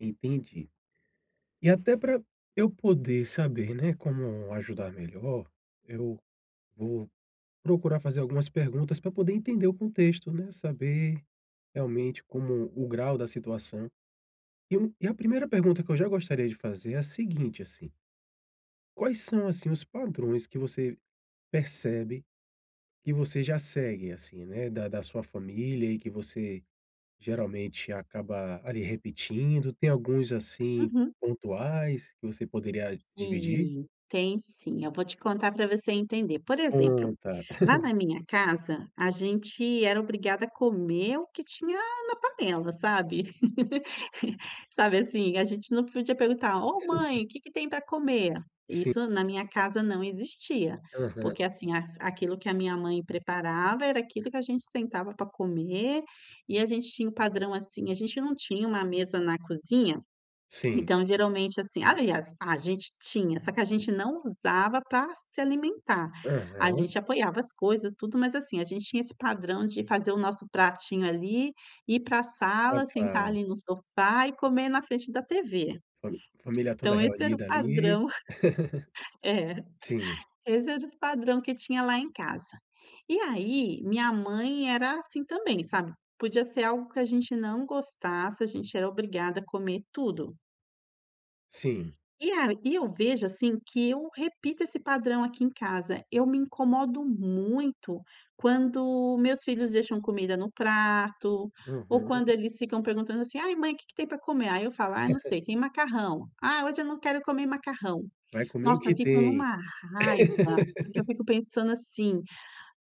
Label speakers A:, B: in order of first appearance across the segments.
A: Entendi. E até para eu poder saber, né, como ajudar melhor, eu vou procurar fazer algumas perguntas para poder entender o contexto, né, saber, realmente, como o grau da situação. E, hum, e a 1ª pergunta que eu já gostaria de fazer é a seguinte, assim: Quais são, assim, os padrões que você percebe que você já segue, assim, né, da da sua família e que você geralmente acaba ali repetindo? tem alguns, assim,
B: Uhum.
A: pontuais que você poderia dividir?
B: Sim, tem sim, eu vou te contar para você entender. Por exemplo,
A: Conta.
B: lá na minha casa, a gente era obrigada a comer o que tinha na panela, sabe. Sabe, assim, a gente não podia perguntar: "Ô mãe, que que tem para comer?"
A: Sim.
B: Isso na minha casa não existia.
A: Aham.
B: Porque, assim, aquilo que a minha mãe preparava era aquilo que a gente sentava para comer e a gente tinha um padrão, assim, a gente não tinha uma mesa na cozinha
A: Sim.
B: então, geralmente, assim aliás, a gente tinha, só que a gente não usava para se alimentar. A
A: Aham.
B: gente apoiava as coisas, tudo, mas, assim, a gente tinha esse padrão de fazer o nosso pratinho ali, ir para
A: A
B: sala, sentar
A: sala.
B: ali no sofá e comer na frente da TV.
A: Fami família toda
B: Então esse era o
A: reunida, ali.
B: padrão, eh,
A: Sim.
B: esse era o padrão que tinha lá em casa. E aí, minha mãe era assim também, sabe, podia ser algo que a gente não gostasse, a gente era obrigada a comer tudo.
A: Sim.
B: E a e eu vejo, assim, que eu repito esse padrão aqui em casa, eu me incomodo muito quando meus filhos deixam comida no prato ou
A: Uhum.
B: quando eles ficam perguntando assim: "Ai, mãe que que tem para comer?" Aí eu falo: "Ai, não sei, tem macarrão". "Ah, hoje eu não quero comer macarrão."
A: "Vai comer o
B: Nossa
A: que
B: eu fico em
A: tem."
B: uma raiva porque eu fico pensando assim: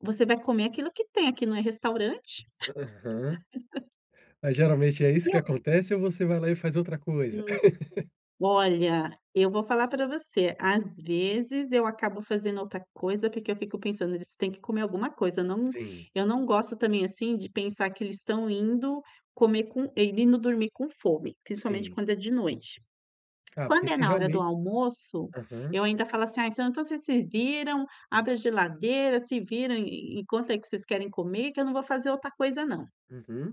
B: "Você vai comer aquilo que tem, aqui não é restaurante."
A: Aham. Mas, geralmente, é
B: E
A: isso que
B: eu
A: acontece ou você vai lá e faz outra coisa?
B: Hum. Olha, eu vou falar para você, às vezes, eu acabo fazendo outra coisa porque eu fico pensando: "Eles têm que comer alguma coisa." Não,
A: Sim.
B: eu não gosto também, assim, de pensar que eles estão indo comer com indo dormir com fome, principalmente,
A: Sim.
B: quando é de noite.
A: Ah, porque
B: Quando é
A: se
B: na hora do
A: realmente
B: almoço,
A: Aham.
B: eu ainda falo assim: "Ai, então vocês se viram, abre a geladeira, se viram e encontra aí que vocês querem comer que eu não vou fazer outra coisa não."
A: Uhum.